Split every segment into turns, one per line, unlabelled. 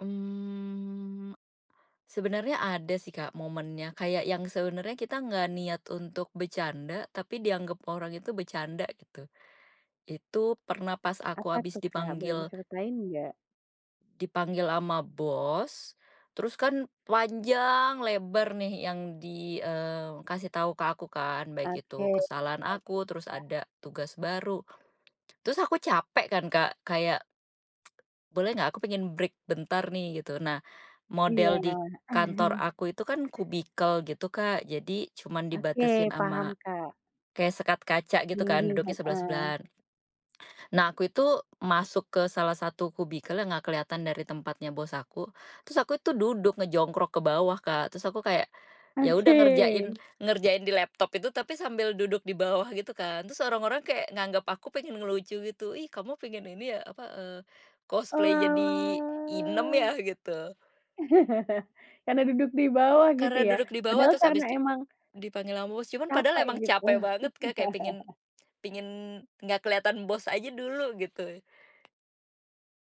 Mmm, sebenarnya ada sih, Kak, momennya kayak yang sebenarnya kita nggak niat untuk bercanda tapi dianggap orang itu bercanda gitu, itu pernah pas aku
Apa
habis
tuh, Kak, boleh
dipanggil
diceritain nggak?
Dipanggil ama bos, terus kan panjang, lebar nih yang di, eee, kasih tahu ke aku kan, baik itu
Oke,
kesalahan aku terus
[unintelligible]
ada tugas baru. Terus aku capek kan, Kak, kayak boleh gak aku pengen break bentar nih gitu. Nah,
Iya.
model di kantor aku itu kan kubikel gitu, Kak, jadi cuman
Oke,
dibatasin sama
paham, Kak.
kayak sekat kaca gitu kan
Mhm,
duduknya
heeh.
sebelah-sebelahan. Nah, aku itu masuk ke salah satu kubikel yang ga keliatan dari tempatnya bos aku. Terus aku itu duduk ngejongkrok ke bawah, Kak. Terus aku kayak yaudah ngerjain
Oke.
ngerjain di laptop itu tapi sambil duduk di bawah gitu kan. Terus orang-orang kayak nganggap aku pengen ngelucu gitu, ih kamu pengen ini ya, apa eee, cosplay jadi inem
Oalah.
ya gitu.
Karena duduk di bawah gitu
Karena
ya,
duduk di bawah
padahal
terus
karena
habis di
emang
dipanggil sama bos, cuman padahal
capek
emang
gitu.
capek banget, Kak, kayak pengen pengen nggak kelihatan bos aja dulu gitu.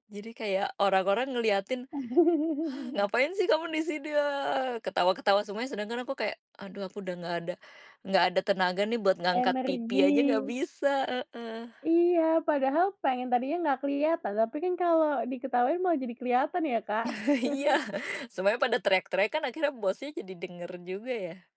Jadi kayak orang-orang ngeliatin, "Ngapain sih kamu di sini? hahaha" ketawa-ketawa semuanya sedangkan aku kayak, aduh aku udah nggak ada nggak ada tenaga nih buat ngangkat pipi aja nggak
Energi.
bisa, heeh.
Iya, padahal pengen tadinya nggak kelihatan. Tapi kan kalau diketawain malah jadi kelihatan ya, Kak.
Iya, semuanya pada teriak-teriak kan akhirnya bos nya jadi denger juga ya.